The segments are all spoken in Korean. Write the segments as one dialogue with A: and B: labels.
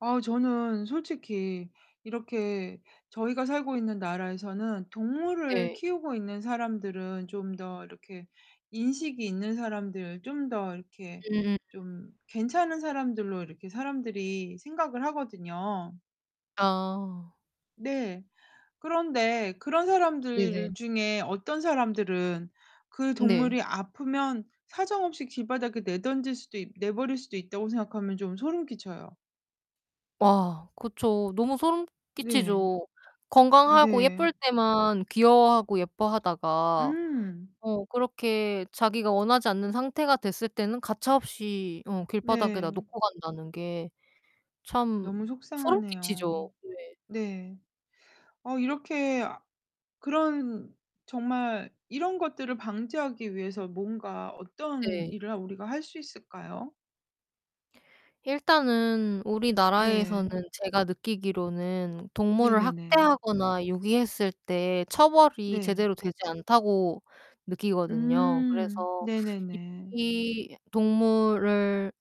A: 어 저는 솔직히 이렇게 저희가 살고 있는 나라에서는 동물을
B: 네.
A: 키우고 있는 사람들은 좀 더 이렇게 인식이 있는 사람들, 좀 더 이렇게
B: 음음.
A: 좀 괜찮은 사람들로 이렇게 사람들이 생각을 하거든요.
B: 아.
A: 네. 그런데 그런 사람들
B: 네네.
A: 중에 '어떤 사람들은 그
B: 음 네.
A: 동물이 아프면 사정없이 길바닥에 내던질 수도 있 내버릴 수도 있다.'고 생각하면 좀 소름 끼쳐요.
B: 와 그쵸. 너무 소름
A: 네.
B: 끼치죠. 건강하고
A: 네.
B: 예쁠 때만 귀여워하고 예뻐하다가
A: 음.
B: 어 그렇게 자기가 원하지 않는 상태가 됐을 때는 가차 없이 어 길바닥에다
A: 네.
B: 놓고 간다는 게 참
A: 너무
B: 소름
A: 속상하네요.
B: 끼치죠. 왜
A: 네. 어 이렇게 아 그런 정말 이런 것들을 방지하기 위해서 뭔가 어떤
B: 네.
A: 일을 하 우리가 할 수 있을까요?
B: 일단은 우리나라에서는
A: 네.
B: 제가 느끼기로는 동물을
A: 네네네.
B: 학대하거나 유기했을 때 처벌이
A: 네.
B: 제대로 되지 않다고 느끼거든요.
A: 음
B: 그래서
A: 네네네.
B: 유기 동물을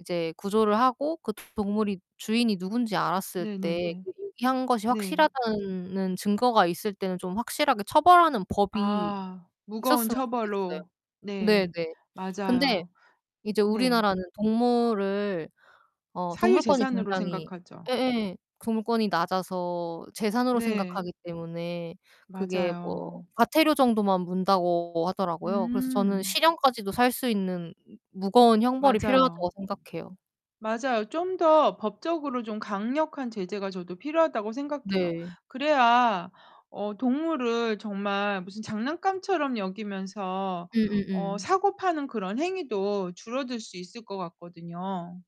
B: 이제 구조를 하고 그 동물이 주인이 누군지 알았을 때
A: 네네네.
B: [unintelligible] 유기한 것이
A: 네.
B: 확실하다는 증거가 있을 때는 좀 확실하게 처벌하는 법이
A: 아 무거운
B: 있었으면 좋겠어요.
A: 처벌로.
B: 네네.
A: 네.
B: 근데
A: 맞아요.
B: 이제
A: 네.
B: 우리나라는 동물을 어 동물권이
A: 사유재산으로
B: 굉장히
A: 생각하죠.
B: 예예 동물권이 낮아서 재산으로
A: 네.
B: 생각하기 때문에 그게 뭐
A: 맞아요.
B: 과태료 정도만 문다고 하더라고요. 그래서 저는
A: 음.
B: '실형까지도 살 수 있는 무거운 형벌이 필요하다.'고
A: 맞아요.
B: 생각해요.
A: 맞아요. '좀 더 법적으로 좀 강력한 제재가 저도 필요하다.'고 생각해요.
B: 네.
A: 그래야 어 동물을 정말 무슨 장난감처럼 여기면서 어
B: 음음음.
A: 사고 파는 그런 행위도 줄어들 수 있을 것 같거든요.